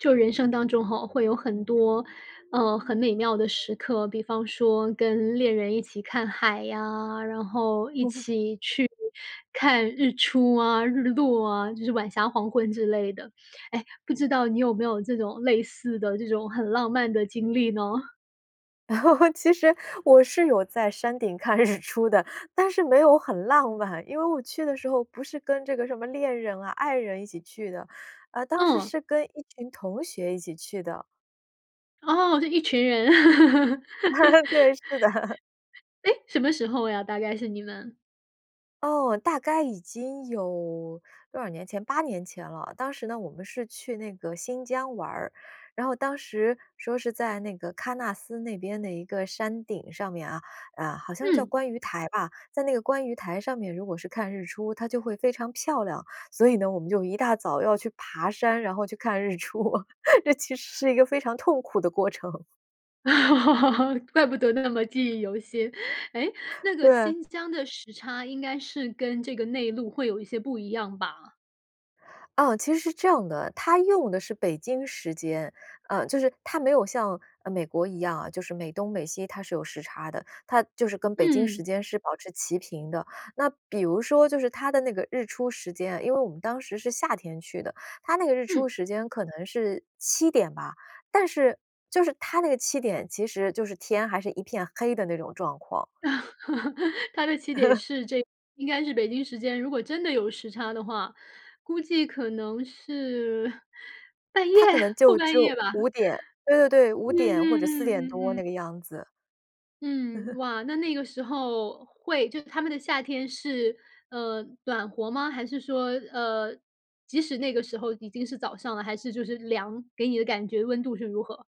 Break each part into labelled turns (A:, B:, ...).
A: 就人生当中吼，会有很多，呃，很美妙的时刻，比方说跟恋人一起看海呀，然后一 起去看日出啊、日落啊，就是晚霞、黄昏之类的。诶，不知道你有没有这种类似的、这种很浪漫的经历呢？
B: 其实我是有在山顶看日出的，但是没有很浪漫。因为我去的时候不是跟这个什么恋人啊、爱人一起去的，呃，当时
A: 嗯！
B: 是跟一群同学一起去的。
A: 哦，就一群人。
B: 对，是的。
A: 诶，什么时候呀，大概是你们？
B: 哦，大概已经有多少年前，8年前了。当时呢，我们是去那个新疆玩儿，然后当时说是在那个喀纳斯那边的一个山顶上面啊，啊，好像是叫
A: 嗯！
B: 观鱼台吧，在那个观鱼台上面，如果是看日出，它就会非常漂亮。所以呢，我们就一大早要去爬山，然后去看日出，这其实是一个非常痛苦的过程。
A: 怪不得那么记忆犹新，诶，那 个
B: 对。
A: 新疆的时差应该是跟这个内陆会有一些不一样吧？
B: 啊，其实是这样的，它用的是北京时间，呃，就是它没有像，啊，美国一样啊，就是美东美西它是有时差的，它就是跟北京时
A: 嗯。
B: 间是保持齐平的。那比如说就是它的那个日出时间，因为我们当时是夏天去的，它那个日出
A: 嗯。
B: 时间可能是7点吧，但是，就是它那个7点其实就是天还是一片黑的那种状况。
A: 它的起点 是这应该是北京时间，如果真的有时差的话，估计可能是半夜？
B: 它可能
A: 后
B: 就
A: 半
B: 只有
A: 夜吧。
B: 5点，对对对，5
A: 嗯
B: 点或者4
A: 嗯嗯
B: 点多
A: 嗯
B: 那
A: 嗯。
B: 个样子。嗯
A: 嗯，
B: 哼。
A: 哇，那那个时候会就他们的夏天是，呃，暖和吗？还是说，呃，即使那个时候已经是早上了，还是就是凉，给你的感觉温度是如何？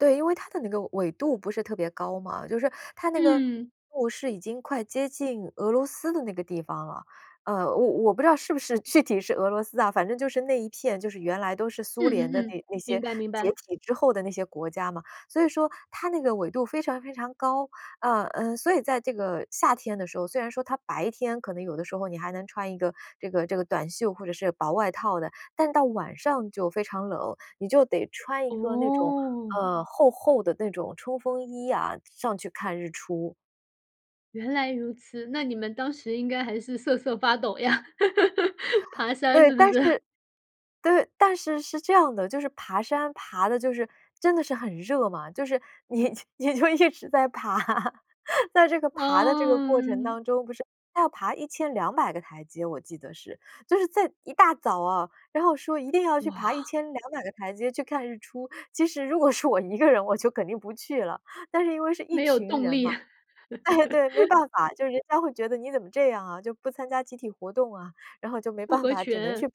B: 对，因为它的那个纬度不是特别高嘛，就是它那个
A: 嗯。
B: 路是已经快接近俄罗斯的那个地方了，呃，我我不知道是不是具体是俄罗斯啊，反正就是那一片，就是原来都是
A: 嗯
B: 苏联的
A: 嗯嗯，
B: 那那些
A: 明白明
B: 解
A: 白。
B: 体之后的那些国家嘛，所以说它那个纬度非常非常高，啊，嗯，所以在这个夏天的时候，虽然说它白天可能有的时候你还能穿一个这个这个短袖或者是薄外套的，但到晚上就非常冷，你就得穿一个那种，
A: 哦。
B: 呃，厚厚的那种冲锋衣啊，上去看日出。
A: 原来如此，那你们当时应该还是瑟瑟发抖呀，爬山
B: 对。
A: 似不
B: 但
A: 似？
B: 是对，但是是这样的。就是爬山爬得就是真的是很热嘛，就是你就你就一直在爬，那这个爬的这个过程
A: 嗯。
B: 当中，不是它要爬1200个台阶我记得是。就是在一大早哦，然后说一定要去爬一
A: 哇。
B: 千两百个台阶去看日出。其实如果是我一个人，我就肯定不去了，但是因为是一
A: 没有
B: 群
A: 动
B: 人嘛。
A: 力。
B: 诶，对，没 办法，就是人家会觉得你怎么这样啊，就不参加集体活动啊。然后就没
A: 不
B: 办
A: 合
B: 法，只能去
A: 群。
B: 爬。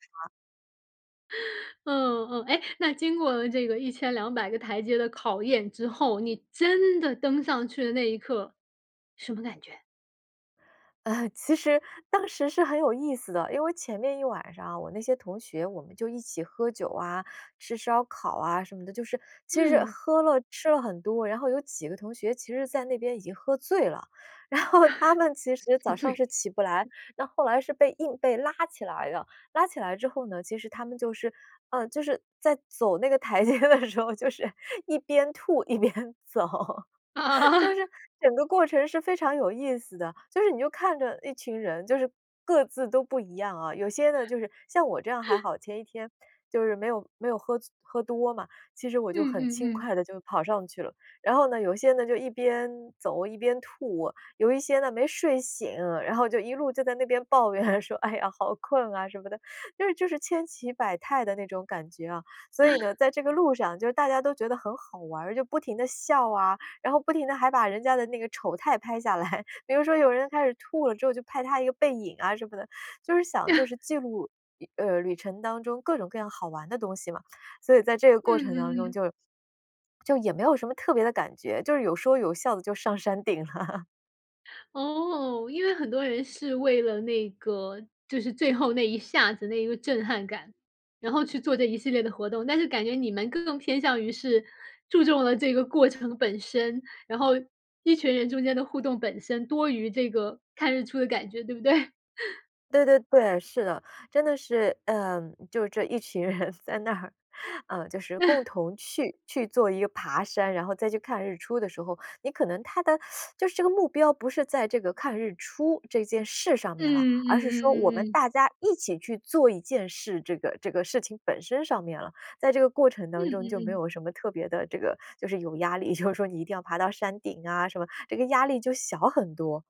A: 嗯，嗯。诶，那经过这个1200个台阶的考验之后，你真的登上去的那一刻，什么感觉？
B: 呃，其实当时是很有意思的。因为前面一晚上啊，我那些同学，我们就一起喝酒啊、吃烧烤啊什么的。就是其实
A: 嗯。
B: 喝了、吃了很多，然后有几个同学其实在那边已经喝醉了。然后他们其实
A: 宿
B: 早上
A: 醉。
B: 是起不来，那后来是被硬被拉起来了。拉起来之后呢，其实他们就是，呃，就是在走那个台阶的时候就是一边吐一边走，就
A: 啊。
B: 是整个过程是非常有意思的。就是你就看着一群人，就是各自都不一样啊。有些呢，就是像我这样还 好，前一天就是没有没有喝醉喝多嘛，其实我就
A: 嗯
B: 很
A: 嗯
B: 轻
A: 嗯。
B: 快地就跑上去了。然后呢，有些呢，就一边走一边吐，有一些呢没睡醒，然后就一路就在那边抱怨说“哎呀，好困啊！”什么的，就是就是千奇百态的那种感觉啊。所以呢，在这个路上，就是大家都觉得很好玩儿，就不停地笑啊，然后不停地还把人家的那个丑态拍下来。比如说有人开始吐了之后就拍他一个背影啊什么的，就是想就 是记录一呃，旅程当中各种各样好玩的东西嘛。所以在这个
A: 嗯
B: 过程当
A: 嗯
B: 中
A: 嗯。
B: 就 就也没有什么特别的感觉，就是有说有笑地就上山顶了。
A: 哦，因为很多人是为了那个就是最后那一下子、那一个震撼感，然后去做这一系列的活动。但是感觉你们更偏向于是注重了这个过程本身，然后一群人中间的互动本身多于这个看日出的感觉，对不对？
B: 对对对，是的。真的是，嗯，就这一群人在那儿，呃，就是共 同去去做一个爬山，然后再去看日出的时候，你可能它的 就是这个目标不是在这个看日出这件事上面了，
A: 嗯嗯
B: 而是说我
A: 嗯嗯
B: 们
A: 嗯。
B: 大家一起去做一件事，这个这个事情本身上面了。在这个过程
A: 嗯
B: 当中就没
A: 嗯嗯。
B: 有什么特别的这个就是有压力，就是说你一定要爬到山顶啊什么，这个压力就小很多。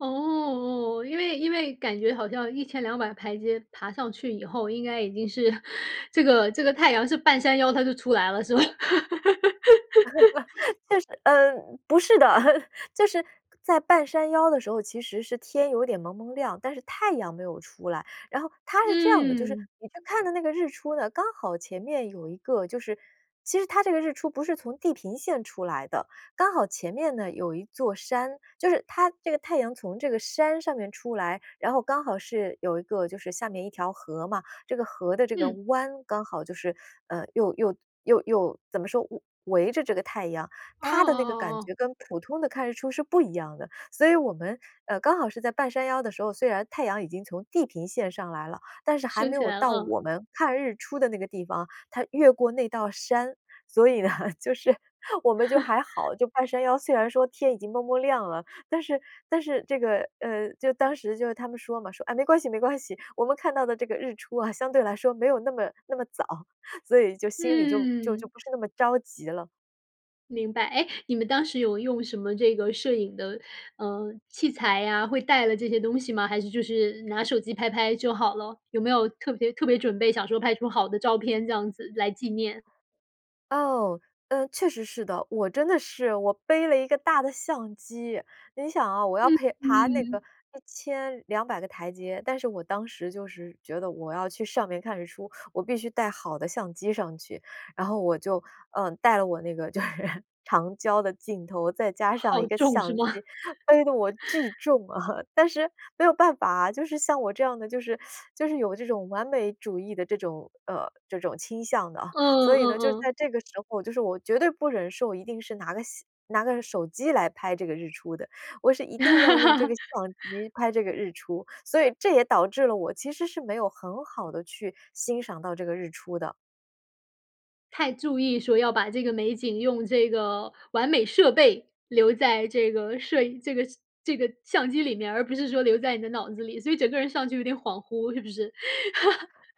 A: 哦，哦哦，因为因为感觉好像1200个台阶爬上去以后，应该已经是 这个这个太阳是半山腰它就出来了，是吧？
B: 但是，嗯，不是的！就是在半山腰的时候，其实是天有点蒙蒙亮，但是太阳没有出来。然后它是这样的，就是
A: 嗯。
B: 你去看的那个日出呢，刚好前面有一个就是其实它这个日出不是从地平线出来的，刚好前面呢有一座山，就是它这个太阳从这个山上面出来，然后刚好是有一个就是下面一条河嘛，这个河的这个
A: 嗯。
B: 湾刚好就是，呃，又又又又怎么说，围围着这个太阳，
A: 哦哦
B: 它的那个
A: 哦
B: 感
A: 哦。
B: 觉跟普通的看日出是不一样的。所以我们，呃，刚好是在半山腰的时候，虽然太阳已经从地平线上来了，但是还
A: 升
B: 没
A: 起
B: 有
A: 来了
B: 到
A: 啊。
B: 我们看日出的那个地方，它越过那道山。所以呢，就是，我们就还 好，就半山腰虽然说天已经蒙蒙亮了，但是但是这个，呃，就当时就是他们说嘛，说：“哎，没关系没关系，我们看到的这个日出啊，相对来说没有那么那么早。“所以就心里就就就
A: 嗯。
B: 不是那么着急了。
A: 明白。诶，你们当时有用什么这个摄影的，呃，器材呀，会带了这些东西吗？还是就是拿手机拍拍就好了？有没有特别特别准备想说拍出好的照片这样子来纪念？
B: 哦，嗯，确实是的，我真的是我背了一个大的相机。你想啊，我要
A: 嗯，
B: 陪爬那个
A: 嗯。
B: 1200个台阶，但是我当时就是觉得我要去上面看日出，我必须带好的相机上去。然后我就，嗯，带了我那个就是长焦的镜头，再加上一
A: 好
B: 个
A: 重是
B: 相机，
A: 吗？
B: 背得我巨 重啊。但是没有办法啊，就是像我这样的，就是 就是有这种完美主义的这种，呃，这种倾向的啊。
A: 嗯，
B: 所以
A: 嗯
B: 呢，就
A: 嗯。
B: 在这个时候，就是我绝对不忍受我一定是拿个相拿个手机来拍这个日出的，我是一定要用这个 相机拍这个日出，所以这也导致了我其实是没有很好地去欣赏到这个日出的。
A: 太注意说要把这个美景用这个完美设备留在这个摄影这个这个相机里面儿，而不是说留在你的脑子里，所以整个人上去有点恍惚，是不是？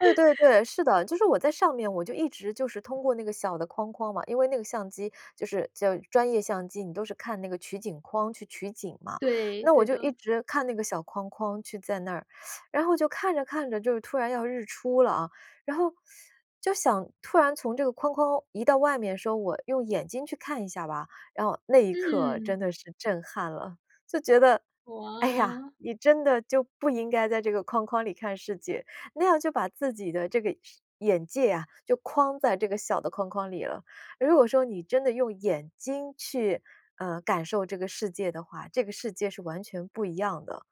B: 对对 对，是的。就是我在上面，我就一直就是通过那个小的框框嘛，因为那个相机就是就专业相机，你都是看那个取景框去取景嘛，
A: 对，
B: 那我
A: 对
B: 就一
A: 的。
B: 直看那个小框框去在那儿。然后我就看着看着就突然要日出了啊，然后 就想突然从这个框框移到外面，说我用眼睛去看一下吧，然后那一刻
A: 嗯。
B: 真的是震撼了。就觉得：“哎呀，
A: 哇。
B: 你真的就不应该在这个框框里看世界，那样就把自己的这个视眼界啊，就框在这个小的框框里了。如果说你真的用眼睛去，呃，感受这个世界的话，这个世界是完全不一样的。”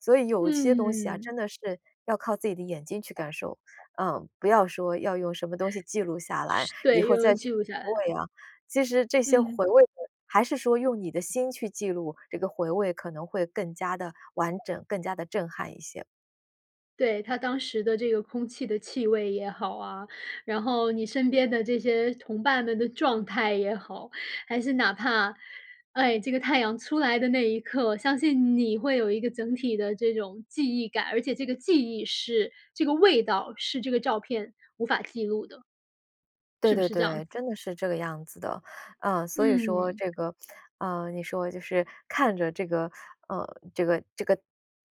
B: 所以有些东西啊，
A: 嗯。
B: 真的是要靠自己的眼睛去感受，呃，不要说要用什么东西记录下来，
A: 是
B: 以
A: 对，
B: 后
A: 用于
B: 再去
A: 记录下来。
B: 回味啊。其实这些
A: 嗯。
B: 回味的，还是说用你的心去记录，这个回味可能会更加地完整、更加地震撼一些。
A: 对，它当时的这个空气的气味也好啊，然后你身边的这些同伴们的状态也好，还是哪怕哎，这个太阳出来的那一刻，相信你会有一个整体的这种记忆感，而且这个记忆是这个味道是这个照片无法记录的。
B: 对
A: 是不
B: 对
A: 是这样
B: 对，
A: 子？
B: 真的是这个样子的。啊，所以说
A: 嗯。
B: 这个，啊，你说就是看着这个呃，这个这个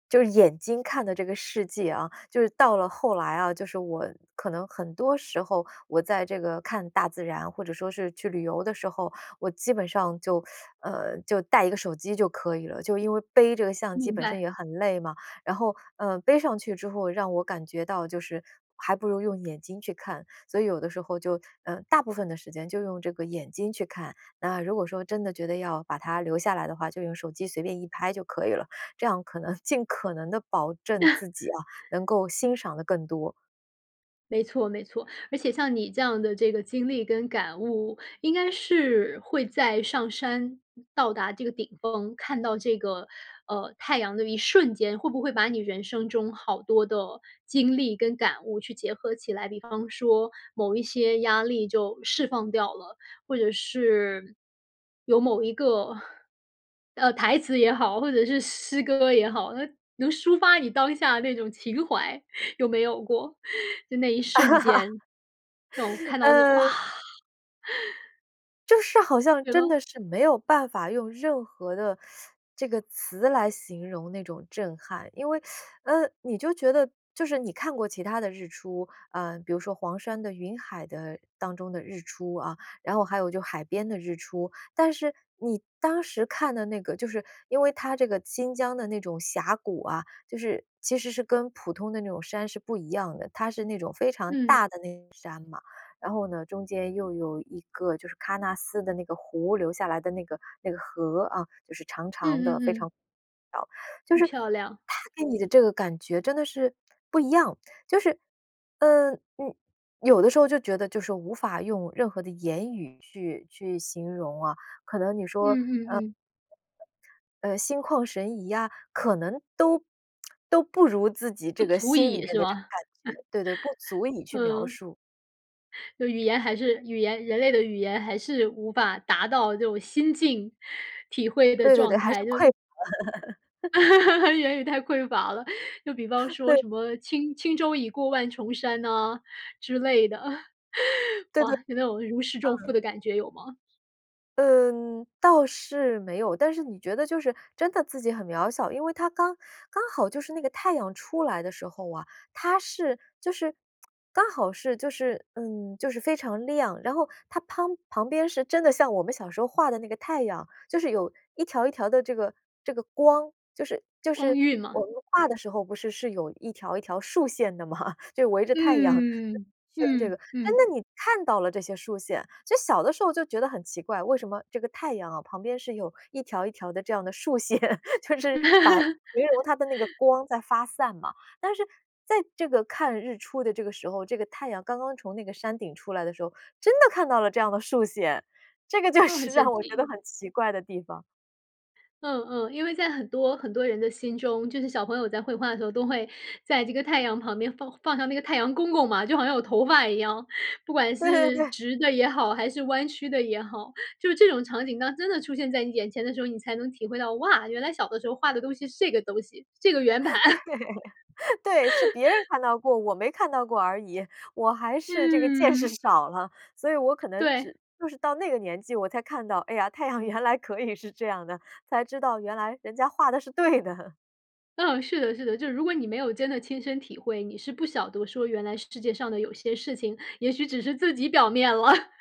B: 就是眼睛看的这个世界啊，就是到了后来啊，就是我可能很多时候，我在这个看大自然，或者说是去旅游的时候，我基本上就，呃，就带一个手机就可以了，就因为背这个相机
A: 明
B: 本身
A: 白。
B: 也很累嘛。然后，呃，背上去之后让我感觉到就是还不如用眼睛去看，所以有的时候就呃，大部分的时间就用眼睛去看。那如果说真的觉得要把它留下来的话，就用手机随便一拍就可以了，这样可能尽可能地保证 自己啊，能够欣赏得更多。
A: 没错没错。而且像你这样的这个经历跟感悟，应该是会在上山到达这个顶峰，看到这个，呃，太阳的一瞬间，会不会把你人生中好多的经历跟感悟去结合起来？比方说某一些压力就释放掉了，或者是有某一个，呃，台词也好，或者是诗歌也好，那能抒发你当下那种情怀，有没有过？就那一瞬间，让我 看到这种，哇！
B: 呃就是好像
A: 有
B: 真
A: 吗？
B: 的是没有办法用任何的 这个词来形容那种震撼。因为，呃，你就觉得就是你看过其它的日出，呃，比如说黄山的云海的当中的日出啊，然后还有就海边的日出。但是你当时看的那个，就是因为它这个新疆的那种峡谷啊，就是其实是跟普通的那种山是不一样的，它是那种非常
A: 嗯。
B: 大的那个山嘛。然后呢，中间又有一个就是喀纳斯的那个湖留下来的那个那个河啊，就是长长的，
A: 嗯嗯
B: 非
A: 嗯。
B: 常。就
A: 嗯，
B: 是
A: 漂亮。
B: 它给你的这个感觉真的是不一样，就是，嗯，嗯，有的时候就觉得就是说无法用任何的言语去去形容啊。可能你说，
A: 嗯嗯嗯。
B: 呃，呃，心旷神怡啊，可能都 都不如自己
A: 不
B: 这个
A: 足
B: 心里
A: 以
B: 面
A: 是
B: 的这个
A: 吗？
B: 感觉。对对，不足以 去描
A: 嗯。
B: 述。
A: 就语言还是语言人类的语言还是无法达到这种心境体会的
B: 对对对，
A: 状
B: 还是
A: 态，就
B: 匮乏了。
A: 是 言语太匮乏了，就比方说
B: 对。
A: 什么轻轻舟已过万重山呐，之类的。
B: 对对。
A: 哇，你那种如释重负
B: 嗯。
A: 的感觉有吗？
B: 嗯，倒是没有，但是你觉得就是真的自己很渺小，因为它刚刚好就是那个太阳出来的时候啊，它是就是 刚好是就是嗯，就是非常亮，然后它乓旁边是真的像我们小时候画的那个太阳，就是有一条一条的这个这个光，就是就
A: 光
B: 是
A: 晕嘛。
B: 我们画的时候不是是有一条一条竖线的吗？就围着太阳
A: 嗯。
B: 一圈这个。
A: 嗯，
B: 哎，
A: 嗯。
B: 那你看到了这些竖线，觉得小的时候就觉得很奇怪，为什么这个太阳啊，旁边是有一条一条的这样的竖线，就是把形容它的那个 光在发散嘛。但是在这个看日出的这个时候，这个太阳刚刚从那个山顶出来的时候，真的看到了这样的竖线，这个就
A: 哦，很
B: 是让
A: 神
B: 我觉得
A: 奇。
B: 很奇怪的地方。
A: 嗯，嗯，因为在很多很多人的心中，就是小朋友在绘画的时候都会在这个太阳旁边放放上那个太阳公公嘛，就好像有头发一样，不管
B: 对对
A: 是
B: 对。
A: 直的也好，还是弯曲的也好。就是这种场景当真的出现在你眼前的时候，你才能体会到，哇，原来小的时候画的东西是这个东西，这个圆盘。
B: 对。对，是别人 看到过，我没看到过而已，我还是这个见识
A: 嗯。
B: 少了。所以我可能
A: 对。
B: 只就是到那个年纪我才看到，哎呀，太阳原来可以是这样的，才知道原来人家画得是对的。
A: 嗯，是的是的。就是如果你没有真的亲身体会，你是不晓得说原来是世界上的有些事情，也许只是自己表面了。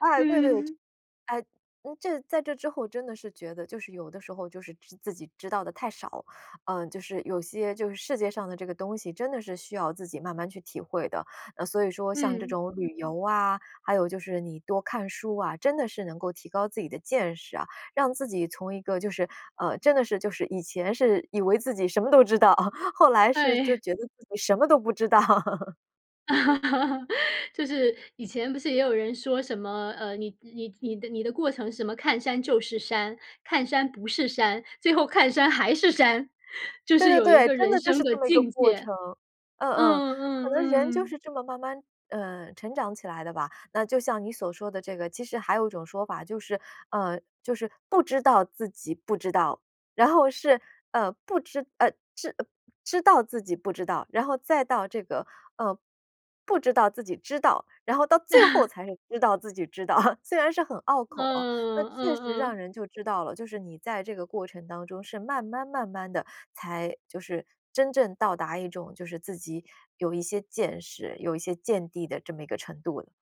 B: 哎，对对，
A: 嗯。
B: 哎，嗯，这在这之后真的是觉得，就是有的时候就是知自己知道得太少。呃，就是有些就是世界上的这个东西，真的是需要自己慢慢去体会的。呃，所以说像这
A: 嗯。
B: 种旅游啊，还有就是你多看书啊，真的是能够提高自己的见识啊，让自己从一个就是呃，真的是就是以前是以为自己什么都知道，后来是就
A: 对。
B: 觉得自己什么都不知道。
A: 就是以前不是也有人说什么，呃，你你你的你的过程什么看山就是山，看山不是山，最后看山还是山，就
B: 对
A: 是
B: 对
A: 有一
B: 对，
A: 个
B: 真
A: 人
B: 的就
A: 生
B: 是
A: 的
B: 这么一个
A: 境
B: 过
A: 界。
B: 程，嗯嗯。
A: 嗯，
B: 可
A: 嗯，
B: 能人
A: 嗯
B: 就
A: 嗯。
B: 是这么慢慢，呃，成长起来的吧。那就像你所说的这个，其实还有一种说法，就是，呃，就是不知道自己不知道，然后是，呃，不知，呃，知呃，知道自己不知道，然后再到这个，呃，不知道自己知道，然后到最后 才是知道自己知道。虽然是很拗口啊，那
A: 嗯，
B: 确
A: 嗯
B: 实让
A: 嗯。
B: 人就知道了，就是你在这个过程当中是慢慢慢慢地才就是真正到达一种就是自己有一些见识，有一些见地的这么一个程度了。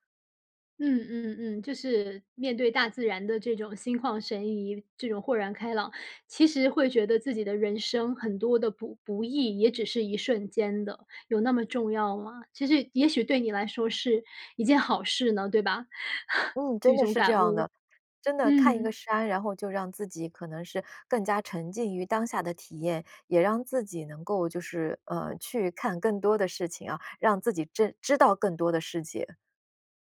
A: 嗯，嗯，嗯，就是面对大自然的这种心旷神怡，这种豁然开朗，其实会觉得自己的人生很多的不不易也只是一瞬间的，有那么重要吗？其实也许对你来说是一件好事呢，对吧？
B: 嗯，
A: 这
B: 真的
A: 种
B: 是这
A: 感
B: 样
A: 悟。
B: 的。真的看一个
A: 嗯。
B: 山，然后就让自己可能是更加沉浸于当下的体验，也让自己能够就是，呃，去看更多的事情啊，让自己真知道更多的世界。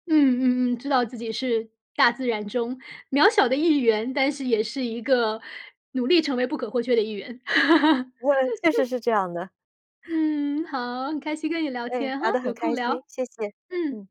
A: 嗯，嗯嗯，知道自己是大自然中渺小的一员，但是也是一个努力成为不可或缺的一员。
B: 我确实 是这样的。
A: 嗯，好，很开心跟你聊
B: 对，
A: 天哈，
B: 聊得很
A: 有
B: 开
A: 空
B: 心，
A: 聊。
B: 谢谢，
A: 嗯。
B: 嗯。